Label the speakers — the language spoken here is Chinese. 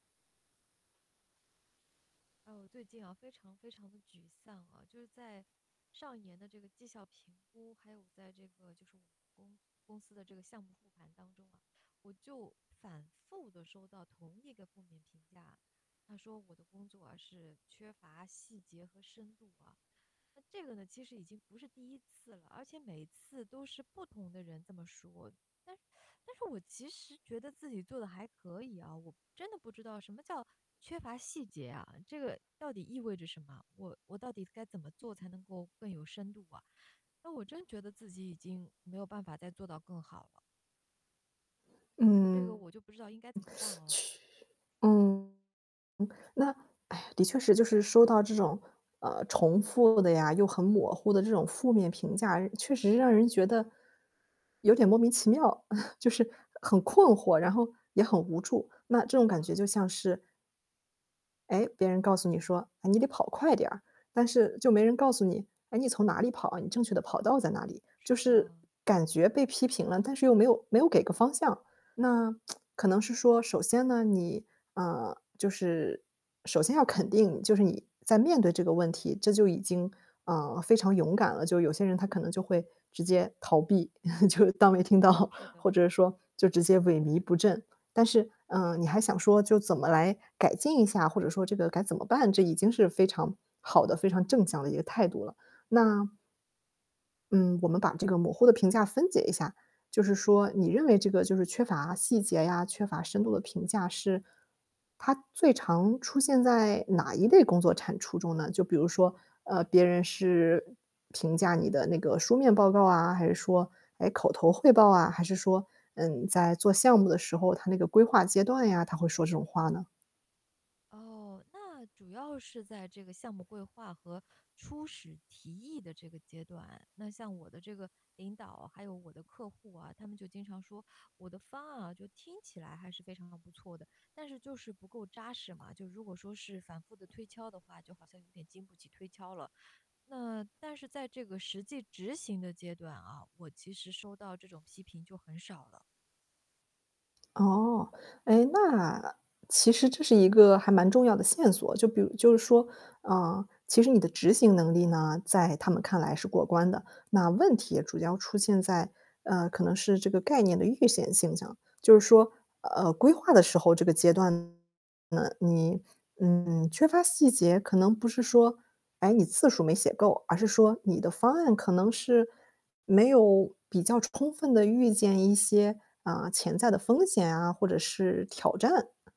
Speaker 1: 啊，我最近啊，非常非常地沮丧啊，就是在上一年的这个绩效评估，还有在这个就是我们公公司的这个项目付款当中啊。我就反复地收到同一个负面评价，他说我的工作啊，是缺乏细节和深度啊，那这个呢，其实已经不是第1次了，而且每次都是不同的人这么说。但 但是我其实觉得自己做得还可以啊，我真的不知道什么叫缺乏细节啊？这个到底意味着什么？我我到底该怎么做才能够更有深度啊，那我真觉得自己已经没有办法再做到更好了。这个
Speaker 2: 嗯。
Speaker 1: 我就不知道应该怎么办 啊。
Speaker 2: 确嗯，那哎呀，的确是，就是收到这种，呃，重复的呀又很模糊的这种负面评价，确实让人觉得，有点莫名其妙，就是很困惑，然后也很无助。那这种
Speaker 1: 是
Speaker 2: 感觉
Speaker 1: 的。
Speaker 2: 就像是诶，别人告诉你说：“啊，你得跑快点儿。”但是就没人告诉你，“诶，你从哪里跑啊，你正确的跑道在哪里？”就
Speaker 1: 是
Speaker 2: 是，
Speaker 1: 的。
Speaker 2: 感觉被批评了，但是又没有没有给个方向。那 可能是说，首先呢，你，啊，就是首先要肯定就是你在面对这个问题，这就已经，啊，非常勇敢了。就有些人他可能就会直接逃避，就当没听
Speaker 1: 嗯，
Speaker 2: 到，
Speaker 1: 是的。
Speaker 2: 或者说就直接萎靡不振。但是，啊，你还想说就怎么来改进一下，或者说这个该怎么办？这已经是非常好的、非常正向的一个态度了。那嗯，我们把这个模糊的评价分解一下，就是说你认为这个就是缺乏细节呀、缺乏深度的评价是，它最常出现在哪一类工作产出中呢？就比如说，呃，别人是评价你的那个书面报告啊，还是说，诶，口头汇报啊，还是说，嗯，在做项目的时候，它那个规划阶段呀，他会说这种话呢？
Speaker 1: 哦，那主要是在这个项目规划和初始提议的这个阶段。那像我的这个领导，还有我的客户啊，他们就经常说，我的方案啊，就听起来还是非常不错的。但是就是不够扎实嘛，就如果说是反复的推敲的话，就好像有点经不起推敲了。那但是在这个实际执行的阶段啊，我其实收到这种批评就很少了。
Speaker 2: 哦。诶，那其实这是一个还蛮重要的线索，就比如就是说，呃，其实你的执行能力呢，在他们看来是过关的。那问题也主要出现在，呃，可能是这个概念的预选现象，就是说呃，规划的时候这个阶段呢，你，嗯，缺乏细节，可能不是说，诶，你字数没写够，而是说你的方案可能是，没有比较充分地预见一些，呃，潜在的风险啊，或者是挑战。